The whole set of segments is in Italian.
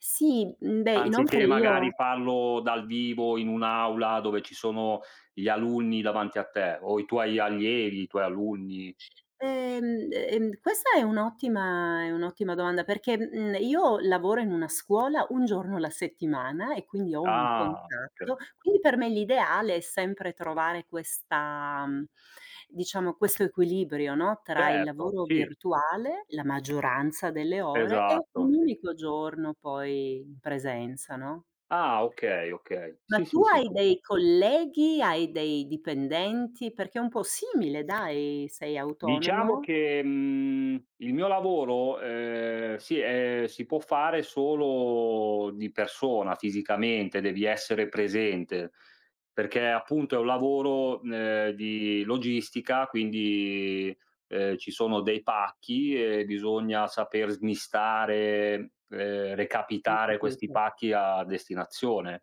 Sì, mhmm, beh, inoltre Anziché io magari parlo dal vivo, in un'aula, dove ci sono gli alunni davanti a te o i tuoi allievi, i tuoi alunni. Ehm ehm questa è un'ottima è un'ottima domanda, perché, mhmm, io lavoro in una scuola 1 giorno alla settimana e quindi ho un Ah, okay. contatto, quindi per me l'ideale è sempre trovare questa mhmm, diciamo questo equilibrio, no, tra il Certo, lavoro sì. virtuale, la maggioranza delle ore e Esatto, un sì. unico giorno poi in presenza, no? Ah, okay, okay. Ma Sì, sì, tu hai sì. dei colleghi, hai dei dipendenti? Perché è un po' simile dai, sei Diciamo autonomo? che, mhmm, il mio lavoro, ehm, si ehm, si può fare solo di persona fisicamente, devi essere presente, perché appunto è un lavoro, ehm, di logistica quindi, ehm, ci sono dei pacch,i e bisogna saper smistare, ehm, Ho recapitare questi capito. pacchi a destinazione.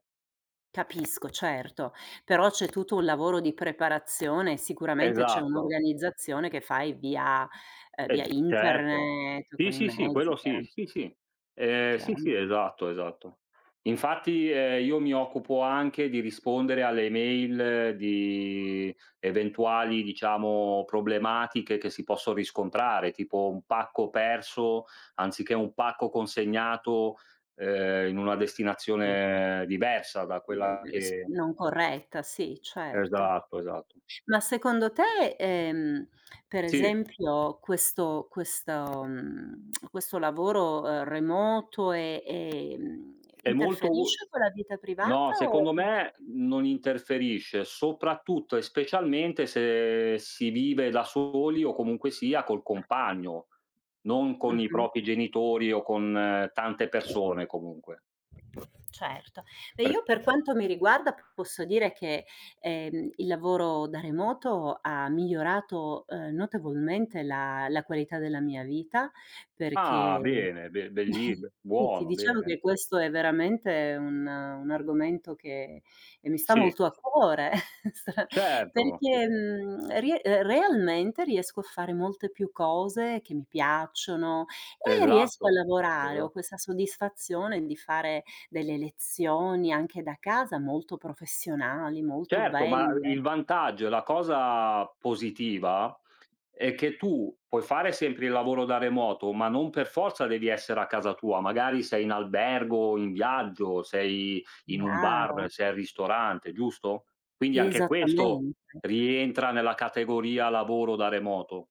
Capisco, certo, però c'è tutto un lavoro di preparazione, sicuramente c'è Esatto. un'organizzazione che fai via, ehm, via E certo. internet, Sì, con i sì, sì mezzi, quello sì. chiaram Sì, sì, ehm, sì, Chiaro. sì esatto, esatto. Infatti, ehm, io mi occupo anche di rispondere alle mail di eventuali diciamo problematiche che si possono riscontrare, tipo un pacco perso, anziché un pacco consegnato, ehm, in una Sì. destinazione diversa da quella [unintelligible] che non corretta, sì certo. Esatto, esatto. Ma secondo te, ehm, per Sì. esempio questo questo, mhmm, questo lavoro remoto, e ehm, È molto u interferisce con la vita no, privata o secondo me, non interferisce, soprattutto e specialmente se si vive da soli o comunque sia col compagno, non con i Mh-mh. propri genitori o con tante persone comunque. Certo. E Per io per quanto mi riguarda, posso dire che, ehm, il lavoro da remoto ha migliorato, ehm, notevolmente la la qualità della mia vita, Ah, perché bene, be belli b [unintelligible] buono, diciamo bene. che questo è veramente un un argomento che e mi sta Sì. molto a cuore, sta Certo, sì. perché, mhmm, ri ehm, realmente riesco a fare molte più cose che mi piacciono, e riesco a Esatto, lavorare. esa Ho questa soddisfazione di fare delle lezioni, anche da casa, molto professionali, molto Certo, ma i il belle. vantaggio e la cosa positiva, è che tu puoi fare sempre il lavoro da remoto, ma non per forza devi essere a casa tua. Magari sei in albergo, in viaggio, sei in un bar, [unintelligible] sei al ristorante, giusto? Quindi anche questo, Esattamente. rientra nella categoria lavoro da remoto.